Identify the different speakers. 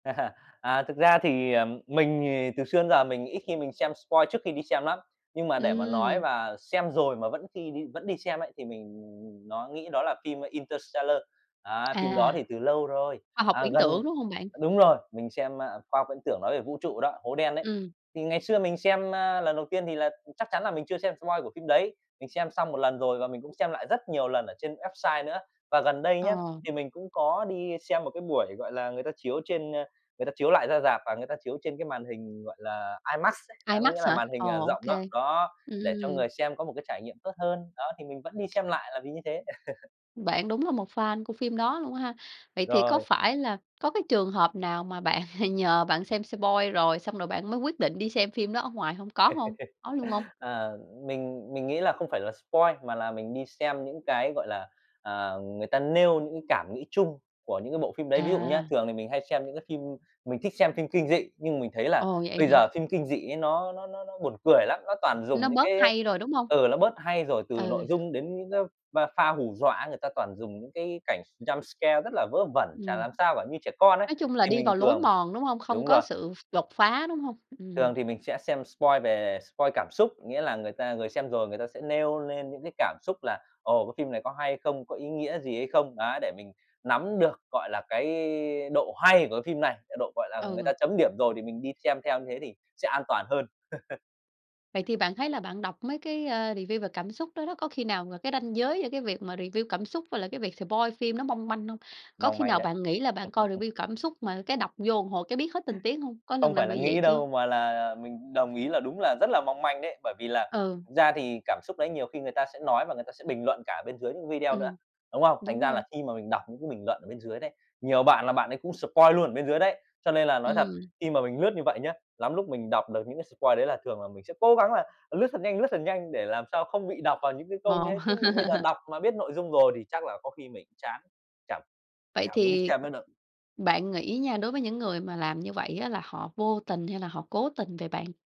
Speaker 1: À, thực ra thì, ờ, mình thì từ xưa đến giờ mình ít khi mình xem spoil trước khi đi xem lắm, nhưng mà để mà nói
Speaker 2: Ừm.
Speaker 1: mà xem rồi mà vẫn khi đi vẫn đi xem ấy, thì mình, ừm, ừm, nó nghĩ đó là phim "Interstellar." Đấy, phim đó
Speaker 2: À.
Speaker 1: thì từ lâu rồi,
Speaker 2: Khoa học
Speaker 1: à,
Speaker 2: viễn
Speaker 1: gần
Speaker 2: tưởng, đúng hông bạn?
Speaker 1: đúng rồi, mình xem, a, khoa học viễn tưởng nói về vũ trụ đó, hố đen ấy.
Speaker 2: Ừm.
Speaker 1: Thì ngày xưa mình xem, a, lần đầu tiên thì là chắc chắn là mình chưa xem spoil của phim đấy, mình xem xong một lần rồi và mình cũng xem lại rất nhiều lần ở trên website nữa. Và gần đây nhá,
Speaker 2: Ờ.
Speaker 1: thì mình cũng có đi xem một cái buổi, gọi là, người ta chiếu trên, a, người ta chiếu lại ra rạp và người ta chiếu trên cái màn hình, gọi là, IMAX ấy. Đấy, có nghĩa
Speaker 2: IMAX
Speaker 1: là
Speaker 2: hả?
Speaker 1: màn
Speaker 2: Ồ,
Speaker 1: hình, ờ,
Speaker 2: ô
Speaker 1: rộng đó.
Speaker 2: kê.
Speaker 1: Đó, để cho
Speaker 2: Ừm.
Speaker 1: người xem có một cái trải nghiệm tốt hơn. Đó, thì mình vẫn đi xem lại là vì như thế.
Speaker 2: Bạn đúng là một fan của phim đó luôn á ha. Vậy thì có
Speaker 1: Rồi.
Speaker 2: phải là có cái trường hợp nào mà bạn nhờ bạn xem spoil rồi, xong rồi bạn mới quyết định đi xem phim đó ở ngoài hông? Có hông? Có luôn hông?
Speaker 1: À, mình mình nghĩ là không phải là spoil mà là mình đi xem những cái, gọi là, à, người ta nêu những cái cảm nghĩ chung của những cái bộ phim đấy. Ví dụ nhá,
Speaker 2: À.
Speaker 1: thường thì mình hay xem những cái phim mình thích xem phim kinh dị, nhưng mình thấy là
Speaker 2: Ồ, vậy
Speaker 1: bây giờ
Speaker 2: hả?
Speaker 1: phim kinh dị ấy nó nó nó nó buồn cười lắm. Nó toàn
Speaker 2: Nó
Speaker 1: dùng những
Speaker 2: bớt
Speaker 1: cái, a
Speaker 2: hay rồi, đúng hông?
Speaker 1: ừ, nó bớt hay rồi, từ
Speaker 2: Ừ.
Speaker 1: nội dung đến những cái p pha hù dọa ấy, người ta toàn dùng những cái cảnh jumpscare rất là vớ vẩn, chả
Speaker 2: Ừm.
Speaker 1: làm sao cả, như trẻ con ấy,
Speaker 2: Nói chung là
Speaker 1: thì
Speaker 2: đi
Speaker 1: mình
Speaker 2: vào lối
Speaker 1: thường
Speaker 2: mòn, đúng hông? Không
Speaker 1: đúng
Speaker 2: có
Speaker 1: rồi.
Speaker 2: sự đột phá, đúng hông?
Speaker 1: Thường
Speaker 2: Ừm.
Speaker 1: thì mình sẽ xem spoil về spoil cảm xúc, nghĩa là người ta người xem rồi người ta sẽ nêu nên những cái cảm xúc là, ồ, "Cái phim này có hay không? Có ý nghĩa gì hay không?" Đấy, để mình nắm được, gọi là, cái độ hay của cái phim này, cái độ, gọi là, người
Speaker 2: Ừ.
Speaker 1: ta chấm điểm rồi thì mình đi xem theo như thế thì sẽ an toàn hơn.
Speaker 2: Vậy thì bạn thấy là bạn đọc mấy cái, a, review về cảm xúc đó đó, có khi nào mà cái ranh giới giữa cái việc mà review cảm xúc với lại cái việc spoil phim nó mong manh hông? Có
Speaker 1: Mong
Speaker 2: khi
Speaker 1: manh
Speaker 2: nào
Speaker 1: đấy.
Speaker 2: bạn nghĩ là bạn coi review cảm xúc mà cái đọc vô một hồi cái biết hết tình tiết hông? Có lần
Speaker 1: Không
Speaker 2: nào
Speaker 1: phải là
Speaker 2: bị vậy
Speaker 1: nghĩ
Speaker 2: chưa?
Speaker 1: đâu mà là, à, mình đồng ý là đúng là rất là mong manh đấy, bởi vì là
Speaker 2: Ừ.
Speaker 1: thực ra thì cảm xúc đấy nhiều khi người ta sẽ nói và người ta sẽ bình luận cả ở bên dưới những cái video nữa.
Speaker 2: Ừm.
Speaker 1: Đúng không? Thành
Speaker 2: Đúng
Speaker 1: ra
Speaker 2: rồi.
Speaker 1: là khi mà mình đọc những cái bình luận ở bên dưới đấy, nhiều bạn là bạn ấy cũng spoil luôn ở bên dưới đấy. Cho nên là nói thật,
Speaker 2: Ừm.
Speaker 1: khi mà mình lướt như vậy nhá, lắm lúc mình đọc được những cái spoil đấy là thường là mình sẽ cố gắng là lướt thật nhanh, lướt thật nhanh để làm sao không bị đọc vào những cái câu như
Speaker 2: Ồ!
Speaker 1: thế. Chứ ví dụ bây giờ đọc mà biết nội dung rồi thì chắc là có khi mình chán, chả
Speaker 2: Vậy
Speaker 1: chả muốn đi
Speaker 2: thì
Speaker 1: xem nữa đâu.
Speaker 2: bạn nghĩ nha, đối với những người mà làm như vậy á là họ vô tình, hay là họ cố tình vậy bạn?